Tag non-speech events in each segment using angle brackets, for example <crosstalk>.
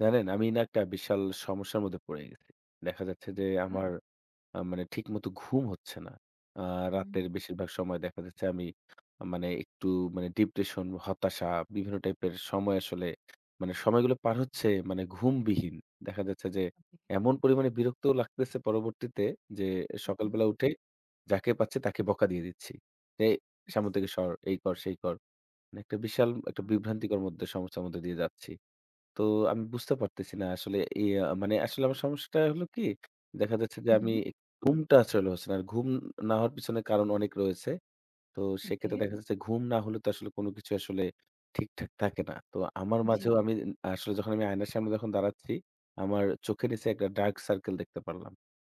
জানেন, আমি না একটা বিশাল সমস্যার মধ্যে পড়ে গেছি। দেখা যাচ্ছে যে আচ্ছা। আমার আ মানে ঠিকমতো ঘুম হচ্ছে না। আ রাতের হু। বেশিরভাগ সময় দেখা যাচ্ছে আমি মানে একটু মানে depression, হতাশা, বিভিন্ন type এর সময় আসলে মানে সময়গুলো পার হচ্ছে মানে ঘুমবিহীন। দেখা যাচ্ছে যে এমন পরিমাণে বিরক্তও লাগতেছে পরবর্তীতে যে এ হু, হু। সকালবেলা উঠেই যাকে পাচ্ছি তাকে বকা দিয়ে দিচ্ছি। "এই সামনে থেকে সর, এই কর, সেই কর"। মানে একটা বিশাল আ একটা বিভ্রান্তিকর মধ্যে সমস্যার মধ্যে দিয়ে যাচ্ছি। তো আমি বুঝতে পারতেছি না আসলে ইয়া আ মানে আসলে আমার সমস্যাটা হলো কি? দেখা যাচ্ছে যে হু, আমি হু। ঘুমটা আসলে হচ্ছে না। আর ঘুম না হওয়ার পিছনে কারণ অনেক রয়েছে। তো সেক্ষেত্রে Okay। দেখা যাচ্ছে ঘুম না হলে তো আসলে কোন কিছু আসলে ঠিকঠাক থাকে না। তো আমার জি। মাঝেও আমি আসলে যখন আমি আয়নার সামনে যখন দাঁড়াচ্ছি, আমার চোখের নিচে একটা dark circle দেখতে পারলাম।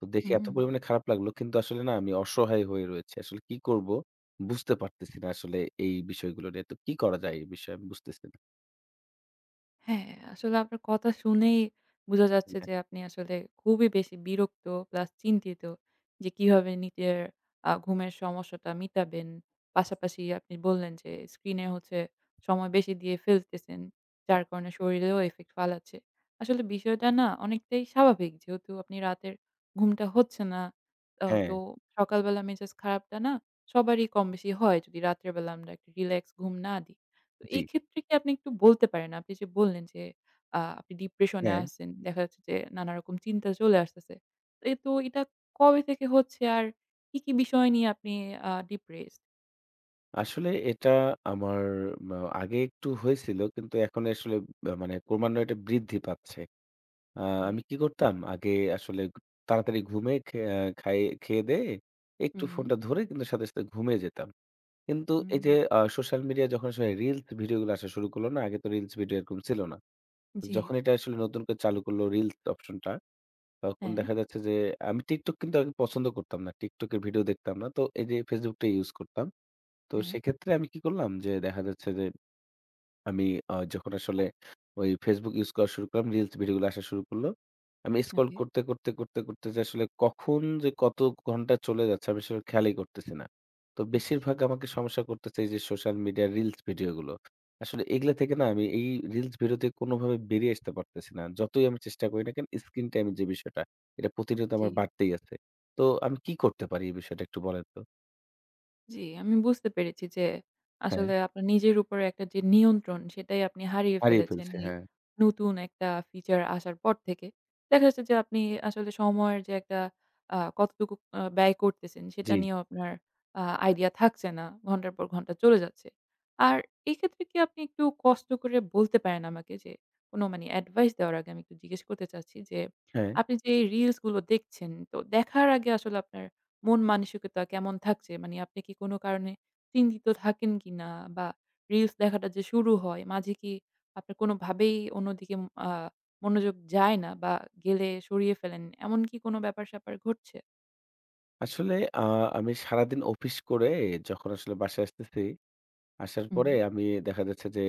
তো দেখে এত হুম। পরিমাণে খারাপ লাগলো। কিন্তু আসলে না আমি অসহায় হয়ে রয়েছি। আসলে কি করবো বুঝতে পারতেছি না আসলে এই বিষয়গুলো নিয়ে। তো কি করা যায় এই বিষয় আমি বুঝতেছি না। হ্যাঁ, আসলে আপনার কথা শুনেই বোঝা ঈ যাচ্ছে হ্যাঁ। যে আপনি আসলে খুবই বেশি বিরক্ত plus চিন্তিত যে কিভাবে নিজের আ ঘুমের সমস্যাটা মিটাবেন। পাশাপাশি আপনি বললেন যে স্ক্রিনে হচ্ছে সময় বেশি দিয়ে ফেলতেছেন। জি। যার কারণে শরীরেও effect ফালাচ্ছে। আসলে বিষয়টা না অনেকটাই স্বাভাবিক। যেহেতু আপনি রাতের ঘুমটা হচ্ছে না আ তো হ্যাঁ। সকালবেলা মেজাজ খারাপটা না সবারই কম বেশি হয় যদি রাত্রেবেলা আমরা একটু relax ঘুম না দিই। তো জি। এই ক্ষেত্রে কি আপনি একটু বলতে পারেন, আপনি যে বললেন যে আ আপনি depression এ হ্যাঁ। আছেন, দেখা যাচ্ছে যে নানারকম চিন্তা চলে আসতেছে। তো এ এটা কবে থেকে হচ্ছে আর কি, কি বিষয় নিয়ে আপনি আ depress? আসলে এটা আমার ম্যা আগে একটু হয়েছিল। কিন্তু এখন আসলে অ্যা মানে ক্রমান্বয়ে এটা বৃদ্ধি পাচ্ছে। অ্যাঁ আমি কে? কি করতাম আগে আসলে তাড়াতাড়ি ঘুমে খে আ খায় খেয়েদেয়ে, একটু হুম। ফোনটা ধরে কিন্তু সাথে সাথে ঘুমিয়ে যেতাম। কিন্তু উ এই যে আ social media যখন আসলে reels ভিডিওগুলো আসা শুরু করলো না, আগে তো reels ভিডিও এরকম ছিল না। জি। যখন এটা আসলে নতুন করে চালু করলো reels option টা, তখন হ্যাঁ। দেখা যাচ্ছে যে, আমি TikTok কিন্তু আমি পছন্দ করতাম না। TikTok এর ভিডিও দেখতাম না। তো এই যে Facebook টাই use করতাম। তো হ্যাঁ। সেক্ষেত্রে আমি কি করলাম যে দেখা যাচ্ছে যে, আমি আ যখন আসলে ওই Facebook use করা শুরু করলাম, reels ভিডিওগুলো আসা শুরু করলো। আমি scroll ওকে। করতে, করতে, করতে, করতে যে আসলে কখন যে, কত ঘণ্টা চলে যাচ্ছে আমি সেটার খেয়ালই করতেছি না। তো ইশ! বেশিরভাগ আমাকে সমস্যা করতেছে, এই যে social media reels ভিডিওগুলো। আসলে এগুলা থেকে না আমি এই reels ভিডিও থেকে কোনভাবে বেরিয়ে আসতে পারতেছি না। যতই আমি চেষ্টা করি না কেন screen time যে বিষয়টা, এটা প্রতিদিনই তো আমার জি। বাড়তেই আছে। তো আমি কি করতে পারি এই বিষয়টা একটু বলেন তো। জি, আমি বুঝতে পেরেছি যে, হ্যাঁ। আসলে আপনার নিজের উপরে একটা যে নিয়ন্ত্রণ সেটাই আপনি হারিয়ে হারিয়ে ফেলেছেন, ফেলছি, লি এই হ্যাঁ। নতুন একটা feature আসার পর থেকে। দেখা যাচ্ছে যে, আপনি আসলে সময়ের যে একটা আ কতটুকু আ ব্যয় করতেছেন? সেটা জি। নিয়েও আপনার আ idea থাকছে না। ঘন্টার পর ঘন্টা চলে যাচ্ছে। আর এই ক্ষেত্রে কি আপনি একটু কষ্ট করে বলতে পারেন আমাকে? যে কোন মানি advice দেওয়ার আগে আমি একটু জিজ্ঞেস করতে চাচ্ছি। যে হ্যাঁ। আপনি যে এই reels গুলো দেখছেন তো দেখার আগে আসলে আপনার মন মানসিকতা কেমন থাকছে? মানে আপনি কি কোনো কারণে চিন্তিত থাকেন কিনা? বা reels দেখাটা যে শুরু হয় মাঝে কি আপনার কোনোভাবেই অন্যদিকে আ মনোযোগ যায় না বা গেলে সরিয়ে ফেলেন, এমন কি কোনো ব্যাপার স্যাপার ঘটছে? আসলে আ আমি সারাদিন অফিস করে, যখন আসলে বাসায় আসতেছি, আসার পরে হুম। আমি, দেখা যাচ্ছে যে,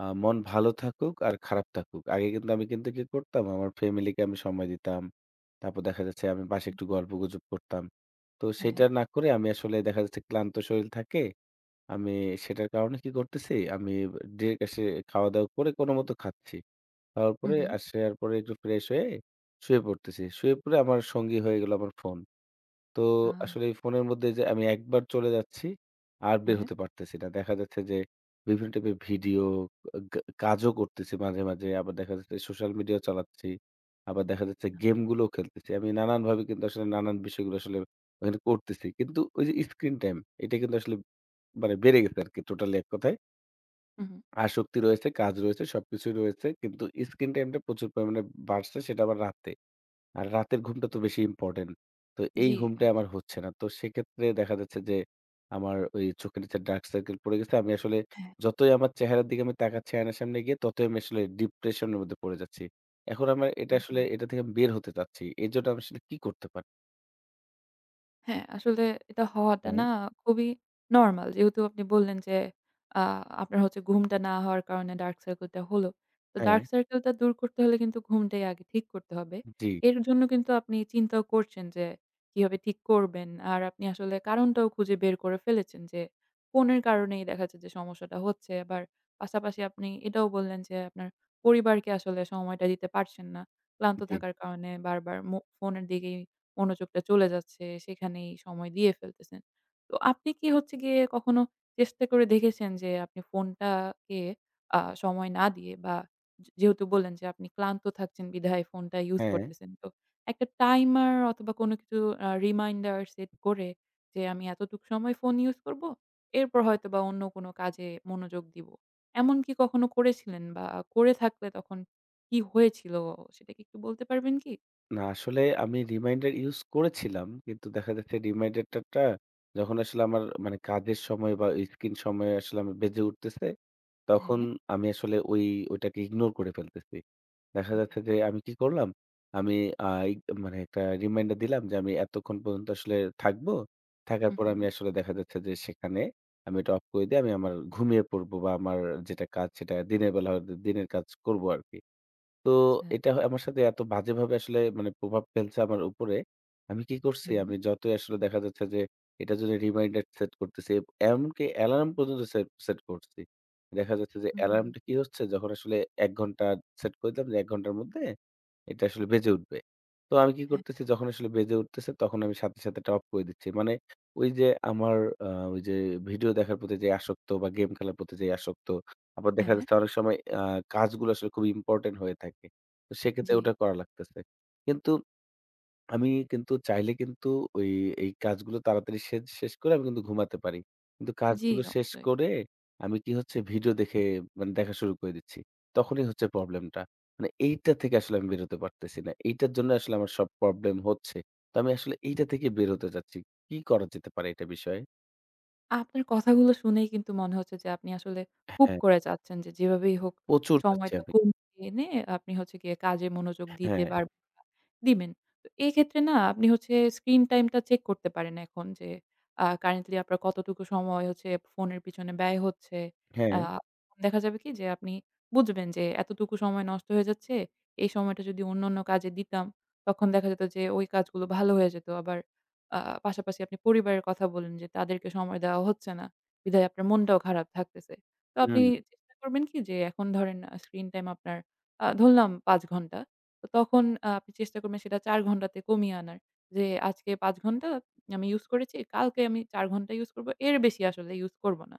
আ মন ভালো থাকুক আর খারাপ থাকুক, আগে কিন্তু আমি কিন্তু কি করতাম? আমার ফ্যামিলিকে আমি সময় দিতাম। তারপর দেখা যাচ্ছে, আমি বাসায় একটু গল্প-গুজব করতাম। তো, সেইটা হ্যাঁ। না করে আমি আসলে দেখা যাচ্ছে, ক্লান্ত শরীর থাকে, আমি সেটার কারণে কি করতেছি? আমি ডিরেক্ট আসে খাওয়া-দাওয়া করে কোনো মতে খাচ্ছি। খাওয়ার হু, পরে হু। আসার পরে একটু ফ্রেশ হয়ে শুয়ে পড়তেছি। শুয়ে পড়ে আমার সঙ্গী হয়ে গেলো আমার ফোন। তো, হা আসলে এই ফোন এর মধ্যে যে, আমি একবার চলে যাচ্ছি, আর হ্যাঁ, বের হ্যাঁ। হতে পারতেছি না। দেখা যাচ্ছে যে, বিভিন্ন টাইপ এর ভিডিও কা কাজও করতেছি মাঝে, মাঝে। আবার দেখা যাচ্ছে, সোশ্যাল মিডিয়া চালাচ্ছি। আবার দেখা যাচ্ছে, গেম গুলোও খেলতেছি। আমি নানানভাবে কিন্তু আসলে নানান বিষয়গুলো, আসলে আর করতেছি। কিন্তু ওই যে, স্ক্রিন টাইম এটা কিন্তু আসলে মানে বেড়ে গেছে আরকি, টোট্যালি এককথায়। হু, হু। আসক্তি রয়েছে, কাজ রয়েছে, সবকিছুই রয়েছে। কিন্তু স্ক্রিন টাইমটা প্রচুর পরিমাণে বাড়ছে, সেটা আবার রাতে। আর, রাতের ঘুমটা তো বেশি ইম্পরট্যান্ট। তো, এই জি। ঘুমটা <unintelligible> আমার, হচ্ছে না। তো সেক্ষেত্রে দেখা যাচ্ছে যে, আমার ওই চোখের নিচে ডার্ক সার্কেল পড়ে গেছে। আমি আসলে হ্যাঁ। যতই আমার চেহারার দিকে আমি তাকাচ্ছি আয়নার সামনে গিয়ে, ততই আমি আসলে ডিপ্রেশন এর মধ্যে পড়ে যাচ্ছি। এখন আমার এটা উ আসলে, হু। এটা থেকে আমি বের হতে চাচ্ছি। এইজন্য আমি আসলে, কি করতে পা হ্যাঁ, আসলে এটা হওয়াটা হ্যাঁ। না খুবই normal যেহেতু আপনি বললেন যে আ আপনার হচ্ছে ঘুমটা না হওয়ার কারণে dark circle টা হলো। তো হ্যাঁ। dark circle টা দূর করতে হলে কিন্তু ঘুমটাই আগে ঠিক করতে হবে। জি। এর জন্য কিন্তু আপনি চিন্তাও করছেন যে, কিভাবে ঠিক করবেন। আর আপনি আসলে কারণটাও খুঁজে বের করে ফেলেছেন যে, ফোনের কারণেই দেখা যাচ্ছে যে সমস্যাটা হচ্ছে। আবার পাশাপাশি আপনি এটাও বললেন যে আপনার পরিবারকে আসলে সময়টা দিতে পারছেন না। ক্লান্ত জি। থাকার কারণে বারবার মো ফোনের দিকেই মনোযোগটা চলে যাচ্ছে, সেখানেই সময় দিয়ে ফেলতেছেন। তো আপনি কি হচ্ছে গিয়ে কখনো চেষ্টা করে দেখেছেন যে আপনি ফোনটাকে আ সময় না দিয়ে বা যে যেহেতু বললেন যে আপনি ক্লান্ত থাকছেন বিধায় ফোনটা use হ্যাঁ। করতেছেন তো, একটা timer অথবা কোনো কিছু আ reminder set করে যে আমি এতটুক সময় phone use করব, এরপর হয়তোবা অন্য কোনো কাজে মনোযোগ দিব। এমন কি কখনো করেছিলেন বা করে থাকলে তখন কি হয়েছিল সেটা কি একটু বলতে পারবেন কি? না, আসলে আমি reminder use করেছিলাম। কিন্তু দেখা যাচ্ছে reminder টা টা যখন আসলে আমার মানে কাজের সময় বা screen সময়ে আসলে আমি বেজে উঠতেছে, তখন হ্যাঁ। আমি আসলে ওই ওটাকে ignore করে ফেলতেছি। দেখা ওকে। যাচ্ছে যে আমি কি করলাম, আমি আ ই মানে একটা reminder দিলাম যে আমি এতক্ষণ পর্যন্ত আসলে থাকবো। থাকার হু, পরে আমি হুম। আসলে দেখা যাচ্ছে যে সেখানে আমি এটা off করে দিয়ে আমি আমার ঘুমিয়ে পড়বো বা আমার যেটা কাজ সেটা দিনের বেলা হয়তো দিনের কাজ করবো আরকি। তো আচ্ছা। এটা হয় আমার সাথে এত বাজেভাবে আসলে মানে প্রভাব ফেলছে আমার উপরে। আমি কি করছি, হুম। আমি যতই আসলে দেখা যাচ্ছে যে এটার জন্য reminder set করতেছি, এমনকি alarm পর্যন্ত set set করছি। দেখা যাচ্ছে যে alarm হুম। টা কি হচ্ছে, যখন আসলে ১ ঘণ্টা set করে দিলাম যে ১ ঘণ্টার মধ্যে এটা আসলে বেজে উঠবে। তো আমি কি হ্যাঁ, হ্যাঁ। করতেছি, যখন আসলে বেজে উঠতেছে তখন আমি সাথে সাথে ওটা off করে দিচ্ছি। মানে ঐ যে আমার আ ঐ যে video দেখার প্রতি যে আসক্ত বা game খেলার প্রতি যে আসক্ত, আবার দেখা হ্যাঁ। যাচ্ছে অনেক সময় আ কাজগুলো আসলে খুবই important হয়ে থাকে। তো সেক্ষেত্রে জি। ওটা করা লাগতেছে। কিন্তু আমি কিন্তু চাইলে কিন্তু ঐ এই কাজগুলো তাড়াতাড়ি শেষ শেষ করে আমি কিন্তু ঘুমাতে পারি। কিন্তু জি। কাজগুলো শেষ করে আমি কি হচ্ছে video দেখে মানে দেখা শুরু করে দিচ্ছি। তখনই হচ্ছে problem টা। মানে এইটা থেকে আসলে আমি বের হতে পারতেছি না। এইটার জন্য আসলে আমার সব problem হচ্ছে। তো আমি আসলে এইটা থেকে বের হতে চাচ্ছি। কি করা যেতে পারে এটা বিষয়ে? আপনার কথাগুলো শুনেই কিন্তু মনে হচ্ছে যে, আপনি আসলে খুব হ্যাঁ। করে চাচ্ছেন যে, যেভাবেই হোক প্রচুর চাচ্ছি সময়টা আমি। কমিয়ে এনে আপনি হচ্ছে গিয়ে কাজে মনোযোগ দিতে হ্যাঁ। পার দিবেন। তো এই ক্ষেত্রে না আপনি হচ্ছে স্ক্রিন টাইমটা চেক করতে পারেন এখন। যে আ কারেন্টলি আপনার কতটুকু সময় হচ্ছে ফোনের পিছনে ব্যয় হচ্ছে? আ হ্যাঁ। দেখা যাবে কি যে আপনি বুঝবেন যে এতটুকু সময় নষ্ট হয়ে যাচ্ছে। এই সময়টা যদি অন্যান্য কাজে দিতাম, তখন দেখা যেত যে ওই কাজগুলো ভালো হয়ে যেত। আবার আ পাশাপাশি আপনি পরিবারের কথা বললেন যে তাদেরকে সময় দেওয়া হচ্ছে না, বিধায় আপনার মনটাও খারাপ থাকতেছে। তো আপনি হুম। চেষ্টা করবেন কি? যে এখন ধরেন আ স্ক্রিন টাইম আপনার আ ধরলাম ৫ ঘণ্টা। তো তখন আ আপনি চেষ্টা করবেন সেটা ৪ ঘণ্টাতে কমিয়ে আনার। যে আজকে ৫ ঘণ্টা আমি ইউস করেছি, কালকে আমি ৪ ঘণ্টা ইউস করব, এর বেশি আসলে ইউস করব না।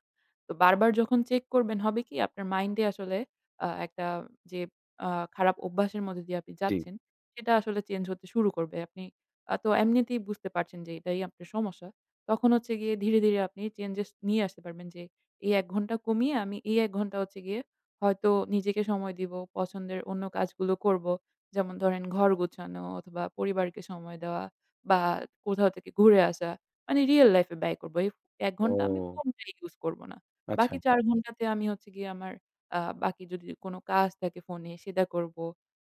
তো বারবার যখন চেক করবেন হবে কি? আপনার মাইন্ডে আসলে আ একটা যে আ খারাপ অভ্যাসের মধ্য দিয়ে আপনি জি। যাচ্ছেন, সেটা আসলে চেঞ্জ হতে শুরু করবে। আপনি আ তো এমনিতেই বুঝতে পারছেন যে এটাই আপনার সমস্যা। তখন হচ্ছে গিয়ে ধীরে, ধীরে আপনি চেঞ্জেস নিয়ে আসতে পারবেন। যে এই ১ ঘণ্টা কমিয়ে আমি এই ১ ঘণ্টা হচ্ছে গিয়ে হয়তো নিজেকে সময় দিব, পছন্দের অন্য কাজগুলো করব। যেমন ধরেন ঘর গোছানো অথবা পরিবারকে সময় দেওয়া বা কোথাও থেকে ঘুরে আসা। মানে রিয়েল লাইফ এ ব্যয় করব। এই ১ ঘণ্টা আমি ও! ফোন টাই ইউস করব না। আচ্ছা। বাকি ৪ ঘণ্টাতে আমি হচ্ছে গিয়ে আমার আ বাকি যদি কোন কাজ থাকে ফোনে সেটা করব।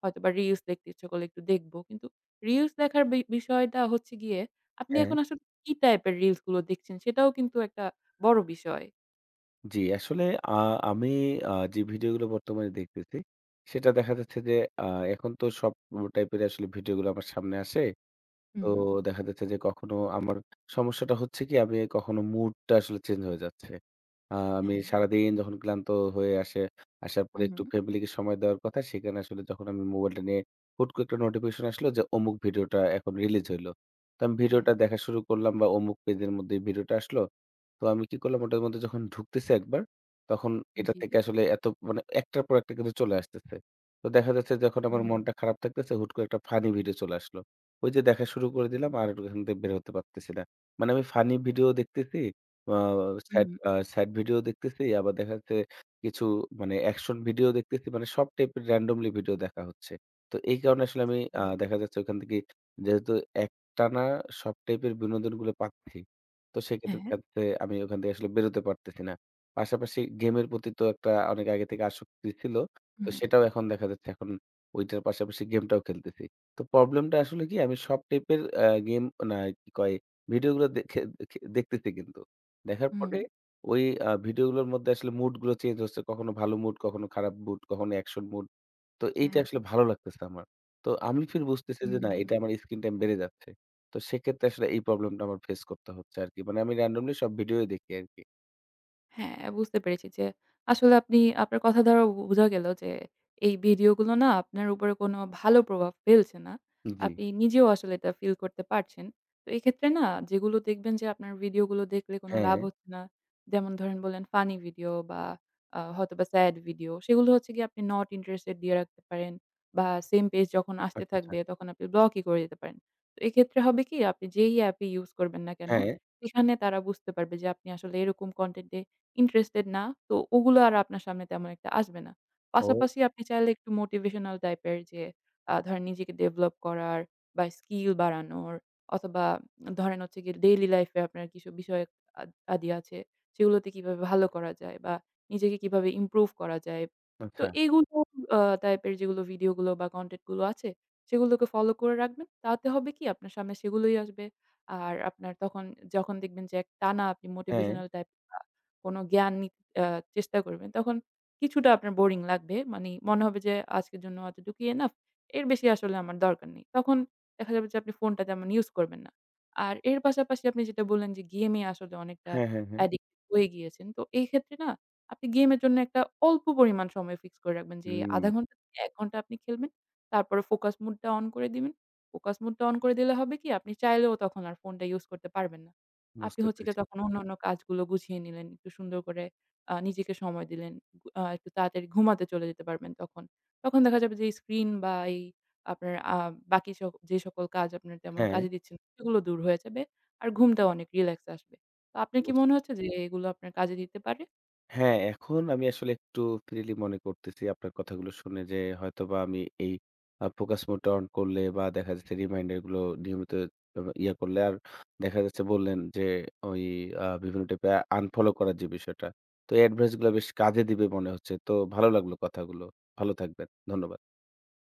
হয়তোবা রিলস দেখতে ইচ্ছা করলে একটু দেখব। কিন্তু রিলস দেখার বি বিষয়টা হচ্ছে গিয়ে, আপনি হ্যাঁ। এখন আসলে কি টাইপ এর রিলস গুলো দেখছেন সেটাও কিন্তু একটা বড় বিষয়। জি আসলে আ আমি আ যে video গুলো বর্তমানে দেখতেছি, সেটা দেখা যাচ্ছে যে আ এখন তো সব <unintelligible> type এর আসলে video গুলো আমার সামনে আসে। তো হুম। দেখা যাচ্ছে যে, কখনো আমার সমস্যাটা হচ্ছে কি? আমি এই কখনো mood টা আসলে change হয়ে যাচ্ছে। আ আমি হ্যাঁ। সারাদিন যখন ক্লান্ত হয়ে আসে, আসার পরে হুম, একটু হুম। family কে সময় দেওয়ার কথা। সেখানে আসলে যখন আমি mobile টা নিয়ে, হুট করে একটা notification আসলো যে অমুক video টা এখন release হইলো। তো আমি video হ্যাঁ। টা দেখা শুরু করলাম বা অমুক page এর মধ্যে video টা আসলো। তো আমি কি করলাম? ওটার মধ্যে যখন ঢুকতেছি একবার, তখন এটার জি। থেকে আসলে এত মানে, একটার পর একটা কিন্তু চলে আসতেছে। তো দেখা যাচ্ছে যখন আমার হুম। মনটা খারাপ থাকতেছে, হুট করে একটা funny video চলে আসলো। ঐ যে দেখা শুরু করে <unintelligible> দিলাম, আর ও এখান থেকে বের হতে পারতেছি না। মানে আমি funny video ও দেখতেছি, আ sad হুম। আ sad video দেখতেছি, আবার দেখা যাচ্ছে কিছু মানে action video দেখতেছি। মানে সব type এর randomly video দেখা হচ্ছে। তো এই কারণে আসলে আমি আ দেখা <unintelligible> যাচ্ছে, ওইখান থেকে যেহেতু একটানা সব type এর বিনোদনগুলো পাচ্ছি, তো সেক্ষেত্রে হ্যাঁ। দেখা যাচ্ছে, আমি ওখান থেকে আসলে বের হতে পারতেছি না। পাশাপাশি game এর প্রতি তো একটা অনেক আগে থেকে আসক্তি ছিল। তো হুম। সেটাও এখন দেখা যাচ্ছে এখন ঐটার পাশাপাশি game টাও খেলতেছি। তো problem টা আসলে কি? আমি সব type এর অ্যা game না কি কয়, video গুলো দেখে দেখে দেখতেছি কিন্তু। দেখার পরে হুম ঐ আ video গুলোর মধ্যে আসলে mood গুলো change হচ্ছে। কখনো ভালো mood, কখনো খারাপ mood, কখনো action mood। তো এইটা হ্যাঁ। আসলে ভালো লাগতেছে না আমার। তো আমি ফের বুঝতেছি যে হুম, না, হুম। এইটা আমার screen time বেড়ে যাচ্ছে। তো সেক্ষেত্রে আসলে এই problem টা আমার face করতে হচ্ছে আরকি। মানে আমি randomly সব video ই দেখি আরকি। হ্যাঁ, বুঝতে পেরেছি যে, আসলে আপনি আপনার কথা দ্বারা বু বুঝা গেলো যে, এই video গুলো না আপনার উপরে কোন ভালো প্রভাব ফেলছে না। জি। আপনি নিজেও আসলে এটা feel করতে পারছেন। তো এক্ষেত্রে না যেগুলো দেখবেন যে আপনার video গুলো দেখলেকোন লাভ হ্যাঁ। হচ্ছে না যেমন ধরেন, বললেন funny video বা আ হয়তোবা sad video, সেগুলো হচ্ছে গিয়ে আপনি not interested দিয়ে রাখতে পারেন বা same page যখন আসতে আচ্ছা, আচ্ছা। থাকবে তখন আপনি block ই করে দিতে পারেন। তো, এক্ষেত্রে হবে কি? আপনি যেই app ই use করবেন না কেনো হ্যাঁ। সেখানে তারা বুঝতে পারবে যে আপনি আসলে এরকম content এ interested না। তো ওগুলো আর আপনার সামনে তেমন একটা আসবে না। ও! পাশাপাশি আপনি চাইলে একটু motivational type এর যে আ ধরেন নিজেকে develop করার বা skill বাড়ানোর, অথবা আ ধরেন হচ্ছে গিয়ে daily life এ আপনার কিছু বিষয়ক আদ আদি আছে, সেগুলোতে কিভাবে ভালো করা যায় বা নিজেকে কিভাবে improve করা যায়। তো আচ্ছা। এইগুলো অ type এর যেগুলো video গুলো বা content গুলো আছে সেগুলোকে follow করে রাখবেন। তাতে হবে কি? আপনার সামনে সেগুলোই আসবে। আর আপনার তখন আ যখন দেখবেন যে টানা আপনি হ্যাঁ। motivational type বা কোন জ্ঞান নি অ্যা চেষ্টা করবেন, তখন কিছুটা আপনার boring লাগবে। মানি মনে হবে যে আজকের জন্য এতটুকুই enough, এর বেশি আসলে আমার দরকার নেই। তখন দেখা যাবে যে আপনি phone টা তেমন use করবেন না। আর এর পাশাপাশি আপনি যেটা বললেন যে game এ আসলে অনেকটা হ্যাঁ, হ্যাঁ, হ্যাঁ। addict হয়ে গিয়েছেন। তো এই ক্ষেত্রে না, আপনি game এর জন্য একটা অল্প পরিমাণ সময় fix করে রাখবেন যে, এই হুম। ১/২ ঘণ্টা থেকে ১ ঘণ্টা আপনি খেলবেন। তারপরে focus mode টা on করে দিবেন। Focus mode টা on করে দিলে হবে কি? আপনি চাইলেও তখন আর phone টা use করতে পারবেন না। আপনি বুঝতে হচ্ছে গিয়ে পেরেছি। তখন অন্যান্য কাজগুলো গুছিয়ে নিলেন, একটু সুন্দর করে আ নিজেকে সময় দিলেন। উ আ একটু তাড়াতাড়ি ঘুমাতে চলে যেতে পারবেন তখন। তখন দেখা যাবে যে screen বা এই আপনার আ বাকি সব যে সকল কাজ আপনার তেমন হ্যাঁ। কাজে দিচ্ছে না, সেগুলো দূর হয়ে যাবে। আর ঘুমটা অনেক relax আসবে। তো আপনার কি মনে বুঝলাম। হচ্ছে যে এগুলো আপনার কাজে দিতে পারে? হ্যাঁ, এখন আমি আসলে একটু freely মনে করতেছি আপনার কথাগুলো শুনে যে হয়তোবা আমি এই অ্যা focus mode টা on করলে বা দেখা যাচ্ছে reminder গুলো নিয়মিত ইয়া করলে আর দেখা যাচ্ছে বললেন যে ঐ আ বিভিন্ন type এর unfollow করার যে বিষয়টা। তো advice গুলো বেশ কাজে দিবে মনে হচ্ছে। তো ভালো লাগলো কথাগুলো। ভালো থাকবেন। ধন্যবাদ।